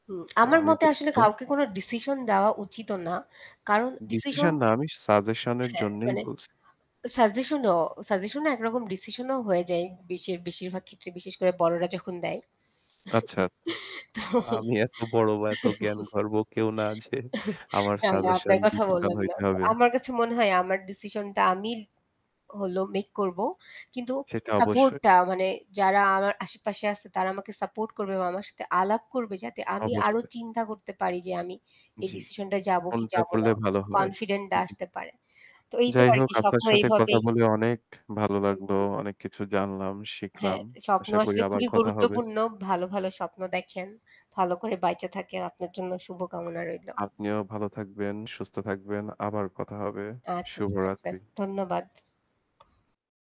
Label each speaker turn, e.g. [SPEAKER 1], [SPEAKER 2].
[SPEAKER 1] হুম,
[SPEAKER 2] তো
[SPEAKER 1] আমার
[SPEAKER 2] আমি
[SPEAKER 1] মতে আসলে
[SPEAKER 2] দুঃখিত।
[SPEAKER 1] কাউকে কোনো ডিসিশন দেওয়া উচিত না কারণ ডিসিশন
[SPEAKER 2] ডিসিশন না আমি সাজেশনের
[SPEAKER 1] হ্যাঁ,
[SPEAKER 2] জন্যই
[SPEAKER 1] মানে
[SPEAKER 2] বলছি।
[SPEAKER 1] সাজেশনও সাজেশনও একরকম ডিসিশনও হয়ে যায় বেশির বেশিরভাগ ক্ষেত্রে বিশেষ করে বড়রা যখন দেয়।
[SPEAKER 2] আচ্ছা, আচ্ছা। আমি এত বড় বা এত জ্ঞানগর্ব কেউ না। যে
[SPEAKER 1] তো
[SPEAKER 2] আমার
[SPEAKER 1] না, না
[SPEAKER 2] সাজেশন
[SPEAKER 1] আপনার কথা
[SPEAKER 2] ডিসিশন
[SPEAKER 1] বললাম না।
[SPEAKER 2] হইতে
[SPEAKER 1] তো
[SPEAKER 2] হবে।
[SPEAKER 1] আমার কাছে মনে হয় আমার ডিসিশন টা আমি হল মেক করব। কিন্তু
[SPEAKER 2] সেটা
[SPEAKER 1] সাপোর্ট
[SPEAKER 2] অবশ্যই।
[SPEAKER 1] টা মানে যারা আমার আশে-পাশে আছে তারা আমাকে সাপোর্ট করবে বা আমার সাথে আলাপ করবে। যাতে আমি আরো
[SPEAKER 2] অবশ্যই।
[SPEAKER 1] চিন্তা করতে পারি যে আমি এই
[SPEAKER 2] জ্বী।
[SPEAKER 1] ডিসিশন টায় যাব কি
[SPEAKER 2] কোনটা
[SPEAKER 1] যাব না।
[SPEAKER 2] করলে ভালো হয়।
[SPEAKER 1] কনফিডেন্ট ডা
[SPEAKER 2] জ্বী।
[SPEAKER 1] আসতে পারে। তো এই তো
[SPEAKER 2] যাই
[SPEAKER 1] আর
[SPEAKER 2] হোক
[SPEAKER 1] কি
[SPEAKER 2] আপনার
[SPEAKER 1] স্বপ্ন
[SPEAKER 2] সাথে কথা
[SPEAKER 1] এইভাবেই
[SPEAKER 2] বলে অনেক ভালো
[SPEAKER 1] হুম,
[SPEAKER 2] লাগলো।
[SPEAKER 1] হুম।
[SPEAKER 2] অনেক কিছু জানলাম,
[SPEAKER 1] হ্যাঁ,
[SPEAKER 2] শিখলাম।
[SPEAKER 1] তো স্বপ্ন
[SPEAKER 2] আশা করি
[SPEAKER 1] আসলে
[SPEAKER 2] আবার
[SPEAKER 1] খুবই
[SPEAKER 2] কথা হবে।
[SPEAKER 1] গুরুত্বপূর্ণ। ভালো ভালো স্বপ্ন দেখেন, ভালো করে বেঁচে থাকেন। আপনার জন্য শুভ কামনা রইল।
[SPEAKER 2] আপনিও ভালো থাকবেন, সুস্থ থাকবেন, আবার কথা হবে।
[SPEAKER 1] আচ্ছা, ঠিক আছে
[SPEAKER 2] শুভরাত্রি।
[SPEAKER 1] ধন্যবাদ।